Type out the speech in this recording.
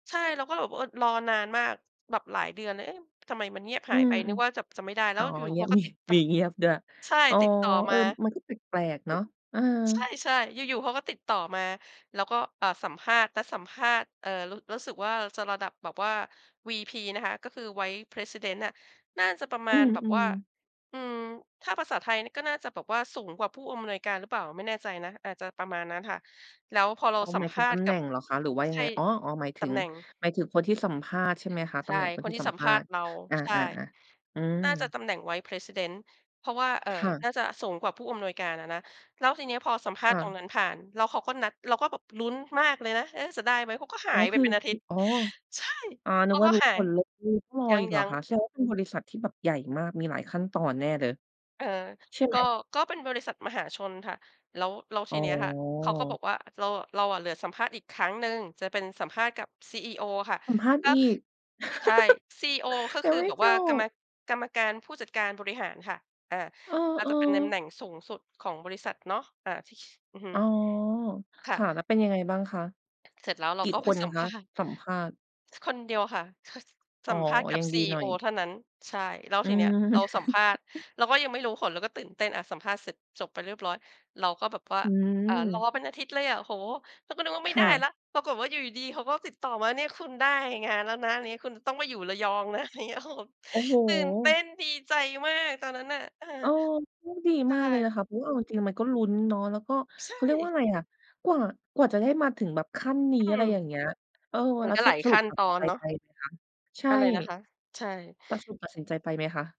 ใช่ เราก็เลยแบบ เออ รอนานมาก แบบหลายเดือนเลย เอ๊ะ ทำไมมันเงียบอืหายไม ป นึกว่า จะ จะไม่ได้ ๆ แลอ้๋อ วอยูเ่ งๆ ีเขยาบ ก็มี ติด ต มีเงียบด้วย ใช่ อ๋อ ติดต่อเอมอ า มันก็แปลก ๆ เนาะ เออ ใช่ ๆ อยู่ ๆ เขาก็ติดต่อมา แล้วก็ อ่า สัมภาษณ์ นัดสัมภาษณ์ เอ่อ รู้ รู้สึกว่า จะระดับแบบว่า VP นะคะ ก็คือ vice president น่ะ น่าจะประมอืาณแบบวม ่า ๆ อืม ถ้าภาษาไทยก็น่าจะแบบว่าสูงกว่าผู้อำนวยการหรือเปล่า ไม่แน่ใจนะ อาจจะประมาณนั้นค่ะ แล้วพอเราอ๋อ สัหมมายภถึงาตษณำ์แกหนั่บ งเหรอคะ หรือว่ายัใชงไ่ ง? อ๋อ ๆ หมายถตึำง แหน่ง หมายถึงคนที่สัมภาษณ์ใช่ไหมคะ? ตใชำ่ แหน่งคนคทนี่ที่สัมสัมภภาาษษณณ์์ เรา อา ใช่ ๆ ๆ อืน่าจะม ตำแหน่ง vice president เพราะว่า เอ่อ ค่ะ น่าจะสูงกว่าผู้อำนวยการอะนะ แล้วทีเนี้ยพอสัมภคาษ่ณ์ตระ งนั้นผ่าน แล้วเขาก็นัด เราก็แบบลุ้นมากเลยนะ เอ๊ะ จะได้ไหม เขาก็หอ๋าอ ยไคปือ เป็นอาคทิืตอ ย์ อ๋อ ใช่ อา เนขึกาว่กา็รู้หาผย ลเลย คือต้องรอยอีกเหรอัง คะ ๆ แสดงว่าเป็นบริษัทที่แบบใหญ่มาก มีหลายขั้นตอนแน่เลย เออ ใช่ไกหม? ็ ก็เป็นบริษัทมหาชนค่ะ แล้ว แล้วอท๋ีอ เนี้ยค่ะ เขาก็บอกว่า เราอะ เราอะเหลือสัมภาษณ์อีกครั้งหนึ่ง จะเป็นสัมภาษณ์กับ CEO ค่ะ สัมภาษณ์ก็ อีก ใช่ CEO ก็ยัคงือไม่แบบจว่า กรรม บ กรรมการผู้จัดการบริหารค่ะ อ่า เอ่า ออ จะเป็นตำแหนๆ ่งสูงสุดของบริษัทเนาะ อ่า อือฮึ อ๋อ คค่ะ ่ะ แล้วเป็นยังไงบ้างคะ? เสร็จแล้ว เรกาี่ก็ ไคปนสัมคภะาษณ์ สัมภาษณ์? คนเดียวค่ะ [unintelligible] อ๋สอ ัมภาษณ์กยัับ งดีหน่อCEO ย เท่านั้น ใช่ แล้วอืทีเนี้ยม เราสัมภาษณ์ เราก็ยังไม่รู้ผล เราก็ตื่นเต้นอะสัมภาษณ์เสร็จจบไปเรียบร้อย เราก็แบบว่า อือ่า รอม เป็นอาทิตย์เลยอะ โอ้โฮ เราก็นึกว่าไคม่ได่้ะ แล้ว ปรากฏว่าอยู่ดี ๆ เขาก็ติดต่อมา เนี่ยคุณได้งานแล้วนะ อะไรอย่างเงี้ย คุณต้องไปอยู่ระยอง นะ อะไรอย่างเงี้ย โอ้โฮ โอ้โฮ ตื่นเต้นดีใจมากตอนนั้นน่ะ เออ เออ ก็ดีใชมากเลยนะค่ ะ เพราะว่าเอาจริง ๆ มันก็ลุ้นเนาะ แล้วก็ใชเขาเรียกว่า่ อะไรอะ กว่า กว่าจะได้มาถึงแบบขั้นนีอ้ ือะไม รอย่างเงี้ย เออ มัแนล้ว ก็สหละ ายสขรุัป้นตัดตอสินนใจเนาะ ไปไหมคะ? ใชอ่ ะไรนะคะ? ใช่ แล้วสรุปตัดสินใจไปไหมคะ?